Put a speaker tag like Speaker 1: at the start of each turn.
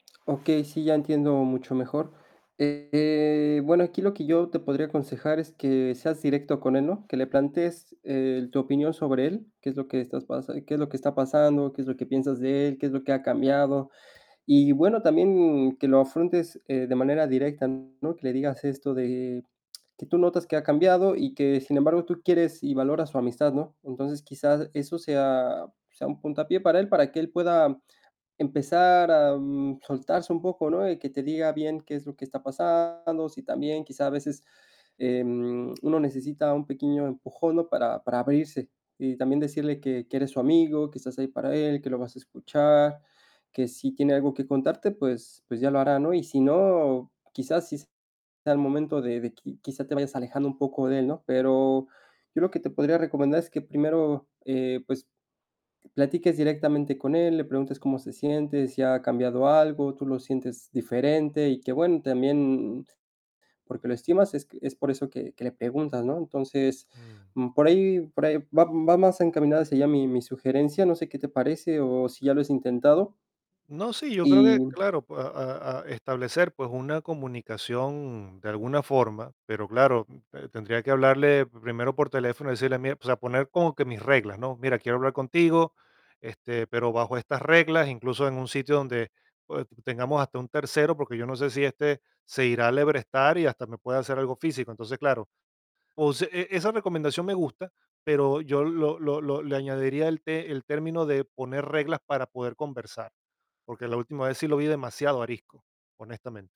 Speaker 1: Okey, sí, ya entiendo mucho mejor. Eh, bueno, aquí lo que yo te podría aconsejar es que seas directo con él, ¿no? Que le plantes, eh, tu opinión sobre él, qué es lo que estás pasa qué es lo que está pasando, qué es lo que piensas de él, qué es lo que ha cambiado. Y bueno, también que lo afrontes, eh, de manera directa, ¿no? Que le digas esto de que tú notas que ha cambiado, y que, sin embargo, tú quieres y valoras su amistad, ¿no? Entonces, quizás, eso sea sea un puntapié para él, para que él pueda empezar, am, soltarse un poco, ¿no? Y que te diga bien, ¿qué es lo que está pasando? Sí, también quizá a veces, em, uno necesita un pequeño empujón, ¿no? Para para abrirse. Y también decirle que que eres su amigo, que estás ahí para él, que lo vas a escuchar, que si tiene algo que contarte, pues pues ya lo hará, ¿no? Y si no, quizás sí sea el momento de de qui quizá te vayas alejando un poco de él, ¿no? Pero yo lo que te podría recomendar es que primero, eh, pues, platiques directamente con él, le preguntes cómo se siente, si ha cambiado algo, tú lo sientes diferente, y que bueno, también, porque lo estimas es q es por eso que que le preguntas, ¿no? Entonces,
Speaker 2: Mm.
Speaker 1: mm, por ahí por ahí va va más encaminada hacia ya mi mi sugerencia. No sé, ¿qué te parece, o si ya lo has intentado?
Speaker 2: No, sí, yo creo que
Speaker 1: Y
Speaker 2: claro, a a a establecer, pues, una comunicación de alguna forma, pero claro, te tendría que hablarle primero por teléfono, y decirle: "Mira", o sea, poner como que mis reglas, ¿no? "Mira, quiero hablar contigo, este, pero bajo estas reglas", incluso en un sitio donde pues tengamos hasta un tercero, porque yo no sé si este se irá alebrestar y hasta me puede hacer algo físico. Entonces, claro, o se e esa recomendación me gusta, pero yo lo lo lo le añadiría el te el término de poner reglas para poder conversar, porque la última vez sí lo vi demasiado arisco, honestamente.